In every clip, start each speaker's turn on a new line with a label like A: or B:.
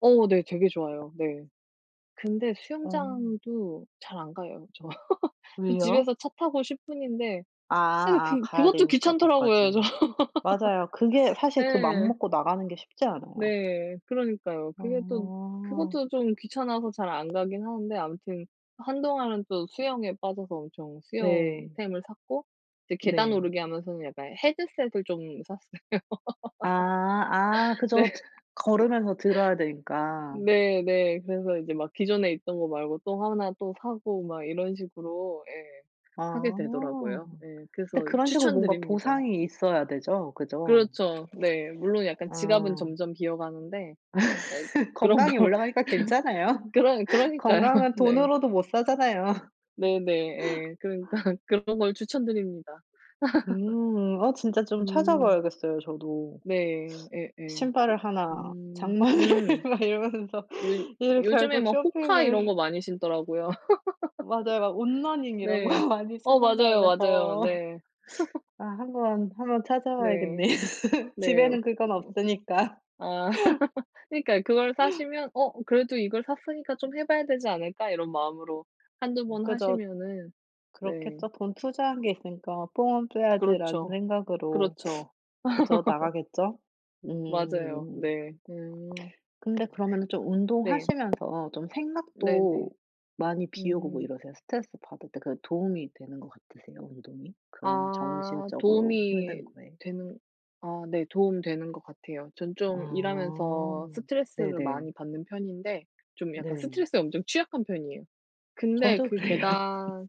A: 어 네 되게 좋아요. 네. 근데
B: 어.
A: 수영장도 잘 안 가요 저.
B: 왜요?
A: 집에서 차 타고 10 분인데
B: 아
A: 아 그
B: 아
A: 그
B: 가야
A: 그것도
B: 되니까
A: 귀찮더라고요 저.
B: 거기까지. 맞아요. 그게 사실 그 맘
A: 네.
B: 먹고 나가는 게 쉽지 않아요.
A: 네. 그러니까요. 그게 또
B: 어.
A: 그것도 좀 귀찮아서 잘 안 가긴 하는데 아무튼 한동안은 또 수영에 빠져서 엄청 수영
B: 네.
A: 템을 샀고 이제 계단
B: 네.
A: 오르기 하면서는 약간 헤드셋을 좀 샀어요.
B: 아 아
A: 네.
B: 그죠. 듣 걸으면서 들어야 되니까.
A: 네 네. 그래서 이제 막 기존에 있던 거 말고 또 1 또 사고 막 이런 식으로 예. 하게
B: 아.
A: 되더라고요. 예.
B: 근데
A: 그래서
B: 그런 식으로
A: 추천
B: 뭔가
A: 드립니다.
B: 보상이 있어야 되죠? 그죠?
A: 그렇죠. 네. 물론 약간 지갑은
B: 아.
A: 점점 비어 가는데 아이 그런
B: 건강이
A: 걸
B: 올라가니까 괜찮아요.
A: 그러 그러니까요.
B: 건강은
A: 네.
B: 돈으로도 못 사잖아요.
A: 네네. 예. 그러니까 그런 걸 추천 드립니다.
B: 음. 아 진짜 좀 찾아
A: 음.
B: 봐야겠어요. 저도.
A: 네. 예예.
B: 신발을 1
A: 음.
B: 장만을
A: 음.
B: 막 이러면서
A: 요
B: 이제
A: 요즘에
B: 결국
A: 뭐 호카 이런
B: 쇼핑을
A: 거 많이 신더라고요.
B: 맞아요. 막 온러닝 이런
A: 네.
B: 거 많이
A: 어 맞아요 맞아요.
B: 신는다면서.
A: 네.
B: 아 한번, 한번 찾아
A: 네.
B: 봐야겠네요.
A: 네. 어
B: 집에는 그건 없으니까.
A: 아. 그니까요. 그걸 사시면 '어 그래도 이걸 샀으니까 좀 해 봐야 되지 않을까?' 이런 마음으로 1-2
B: 음
A: 번
B: 그죠.
A: 하시면은 네.
B: 그렇겠죠. '돈 투자한 게 있으니까 뽕은 빼야지.'라는
A: 그렇죠.
B: 생각으로.
A: 그렇죠.
B: 그죠, 나가겠죠?
A: 맞아요.
B: 음.
A: 네. 음.
B: 근데 그러면은 좀
A: 네.
B: 운동하시면서 좀
A: 네네.
B: 생각도 많이 비우고 뭐
A: 음.
B: 이러세요? 스트레스 받을 때 그 도움이 되는 것 같으세요 운동이? 그런
A: 아
B: 정신적으로
A: 도움이
B: 힘든 거에?
A: 되는 아 네. 도움이 되는 것 같아요. 전
B: 아
A: 좀 일하면서 스트레스를
B: 네네.
A: 많이 받는 편인데 좀 약간
B: 네.
A: 스트레스에 엄청 취약한 편이에요. 근데
B: 저도
A: 그
B: 그래요.
A: 계단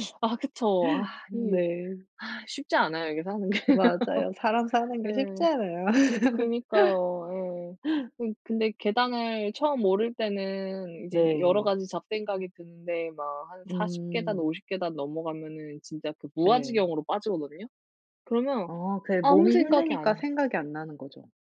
A: 그래서 아 그쵸. 아 이
B: 네.
A: 쉽지 않아요. 이게 사는 게.
B: 맞아요. 사람 사는
A: 네.
B: 게 쉽지 않아요.
A: 그러니까요. 예. 그러니 근데 계단을 처음 오를 때는 이제 여러
B: 네.
A: 가지 잡생각이 드는데 막 한 40 계단,
B: 음.
A: 50 계단 넘어가면은 진짜 그
B: 네.
A: 무아지경으로 빠지거든요. 그러면
B: 어 그게
A: 아무
B: 몸이
A: 생각이
B: 힘드니까
A: 안
B: 생각이 안 나는 거죠.